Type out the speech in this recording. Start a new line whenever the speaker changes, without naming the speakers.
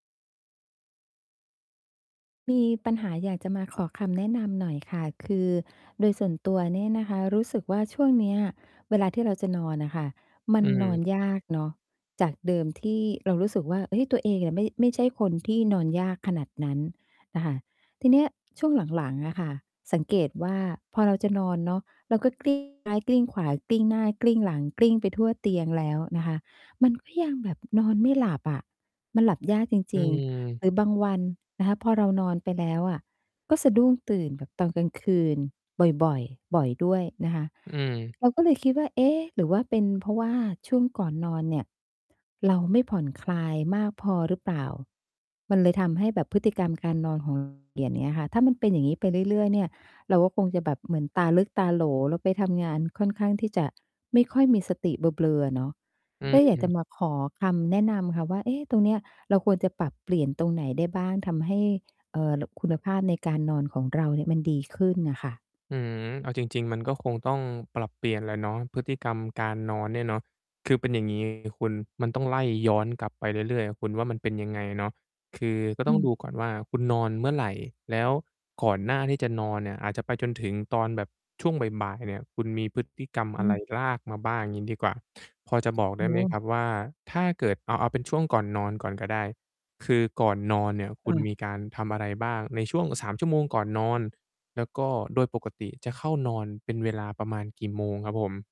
มีปัญหาอยากจะมาขอคำแนะนำหน่อยค่ะ คือโดยส่วนตัวเนี่ยนะคะ รู้สึกว่า ช่วงเนี้ยเวลาที่เราจะนอนน่ะค่ะ มั
อื
นนอน
ม
ยากเนาะ จากเดิมที่เรารู้สึกว่า เฮ้ย ตัวเองอะไม่ ไม่ใช่คนที่นอนยากขนาดนั้นนะคะ ทีเนี้ยช่วงหลัง ๆ อะค่ะ สังเกต ว่า พอเราจะนอนเนาะ เราก็ กลิ้ง ซ้ายกลิ้งขวา กลิ้งหน้ากลิ้งหลัง กลิ้งไปทั่วเตียงแล้วนะคะ มันก็ยังแบบนอนไม่หลับอะ มันหลับยากจ
อ
ริง ๆ
ืม
หรือบางวันนะคะ พอเรานอนไปแล้วอะ ก็สะดุ้งตื่นแบบตอนกลางคืนบ่อย ๆ บ่อยด้วยนะคะ
อืม
เราก็เลยคิดว่า เอ๊ะ หรือว่าเป็นเพราะว่าช่วงก่อนนอนเนี่ย เราไม่ผ่อนคลายมากพอหรือเปล่า? มันเลยทำให้แบบพฤติกรรมการนอน ของเรา เปลี่ยน เงี้ยค่ะ ถ้ามันเป็นอย่างนี้ไปเรื่อย ๆ เนี่ย เราก็คงจะแบบเหมือนตาลึกตาโหล แล้วไปทำงานค่อนข้างที่จะ ไม่ค่อยมีสติเบลอ ๆ อะเนาะ
อ
ก
ื
็อยาก จะ
ม
มาขอคำแนะนำค่ะว่า เอ๊ะ ตรงเนี้ย เราควรจะปรับเปลี่ยนตรงไหนได้บ้าง ทำให้ เอ่อ ล คุณภาพในการนอนของเราเนี่ย มันดีขึ้นน่ะค่ะ
อืม เอาจริง ๆ มันก็คงต้องปรับเปลี่ยนแหละเนาะ พฤติกรรมการนอนเนี่ยเนาะ คือเป็นอย่าง งี้ คุณมันต้องไล่ย้อนกลับไปเรื่อย ๆ คุณว่า มันเป็นยังไงเนาะ คือ ก็
อ
ต
ื
้อง
ม
ดูก่อนว่า คุณนอนเมื่อไร? แล้วก่อนหน้าที่จะนอนเนี่ย อาจจะไปจนถึงตอนแบบช่วงบ่าย ๆ เนี่ย คุณมีพฤติกรรม
อ
อะไ
ื
ร
ม
ลากมาบ้างงี้ดีกว่า พอจะบอกไ
โ
ด
อ
้
้
ไหมครับว่า ถ้าเกิด เอา เอาเป็นช่วงก่อนนอนก่อนก็ได้ คือก่อนนอนเนี่ย คุ
เ
ณ
ออ
มีการทำอะไรบ้างในช่วง 3 ชั่วโมงก่อนนอน แล้วก็โดยปกติจะเข้านอนเป็นเวลาประมาณกี่โมงครับผม?